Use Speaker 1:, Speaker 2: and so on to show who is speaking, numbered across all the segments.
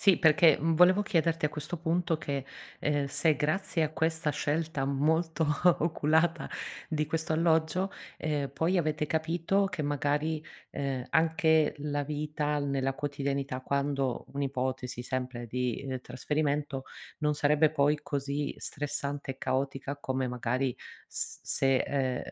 Speaker 1: Sì, perché, mhmm, volevo chiederti, a questo punto, che, uhm, se grazie a questa scelta molto oculata di questo alloggio, ehm, poi avete capito che, magari, uhm, anche la vita nella quotidianità, quando un'ipotesi, sempre di, uhm, trasferimento, non sarebbe poi così stressante e caotica, come magari s se ehm,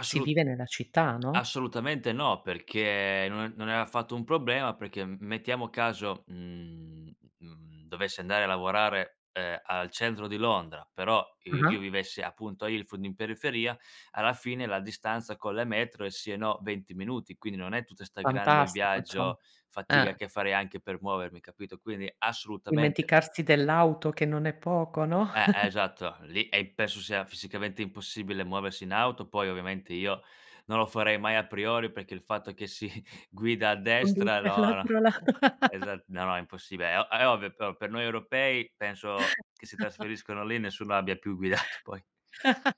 Speaker 1: si vive nella città, no?
Speaker 2: assolutamente, no, perché no non è affatto un problema, perché m mettiamo caso, mhmm, uhm, mhmm, dovessi andare, a lavorare, uhm, al centro di Londra, però i io
Speaker 1: Ah-ah.
Speaker 2: vivessi appunto a Ilford, in periferia, alla fine la distanza con le metro, è sì e no, 20 minuti, quindi non è tutta 'sta grande
Speaker 1: Fantastico, insomma.
Speaker 2: viaggio, fatica
Speaker 1: Eh.
Speaker 2: che farei anche per muovermi, capito, quindi assolutamente.
Speaker 1: Dimenticarsi dell'auto, che non è poco, no?
Speaker 2: Eh, esatto, lì e penso sia fisicamente impossibile muoversi in auto, poi ovviamente io, non lo farei mai a priori, perché il fatto che si guida a destra
Speaker 1: [unintelligible]
Speaker 2: loro,
Speaker 1: l'altro lato.
Speaker 2: esa no, no, è impossibile. È o è ovvio, però per noi europei, penso che si trasferiscono lì, nessuno abbia più guidato poi.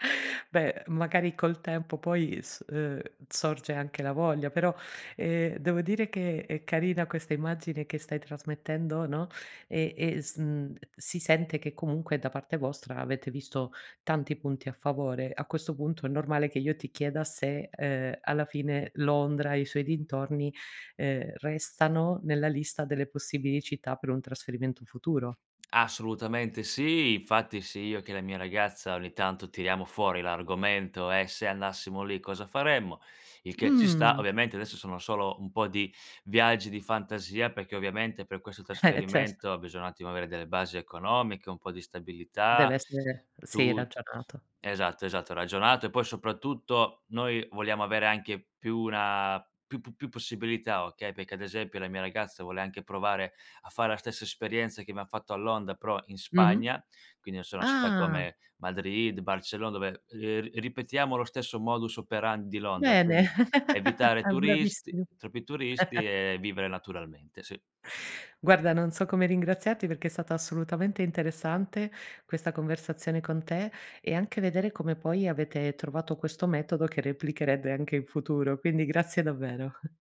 Speaker 1: Beh, magari, col tempo, poi, s uhm, sorge anche la voglia, però, ehm, devo dire che è carina questa immagine che stai trasmettendo, no, ehm, e sn si sente, che, comunque, da parte vostra, avete visto tanti punti a favore. A questo punto, è normale che io ti chieda, se, uhm, alla fine, Londra e i suoi dintorni, uhm, restano nella lista delle possibili città per un trasferimento futuro.
Speaker 2: Assolutamente, sì. Infatti, sia io che la mia ragazza, ogni tanto tiriamo fuori l'argomento: "E se andassimo lì, cosa faremmo?" Il che ci sta
Speaker 1: Mh.
Speaker 2: ovviamente, adesso sono solo un po' di viaggi di fantasia, perché, ovviamente, per questo
Speaker 1: Eh, certo.
Speaker 2: trasferimento, bisogna un attimo avere delle basi economiche, un po' di
Speaker 1: Deve
Speaker 2: stabilità,
Speaker 1: essere sì,
Speaker 2: tut
Speaker 1: ragionato.
Speaker 2: esatto, esatto, ragionato e poi soprattutto, noi vogliamo avere anche più una più pu più possibilità, okay, perché, ad esempio, la mia ragazza vuole anche provare a fare la stessa esperienza, che abbiam fatto a Londra, però in
Speaker 1: Mh-mh.
Speaker 2: Spagna, quindi, non so, città
Speaker 1: Ah.
Speaker 2: come Madrid, Barcellona, dove, uhm, ri ripetiamo lo stesso modus operandi di Londra,
Speaker 1: Bene.
Speaker 2: quindi evitare
Speaker 1: Ah,
Speaker 2: turisti
Speaker 1: bravissimo
Speaker 2: troppi turisti e vivere naturalmente, sì.
Speaker 1: Guarda, non so come ringraziarti, perché è stata assolutamente interessante, questa conversazione con te, e anche vedere come poi avete trovato questo metodo, che replicherete anche in futuro. Quindi, grazie davvero.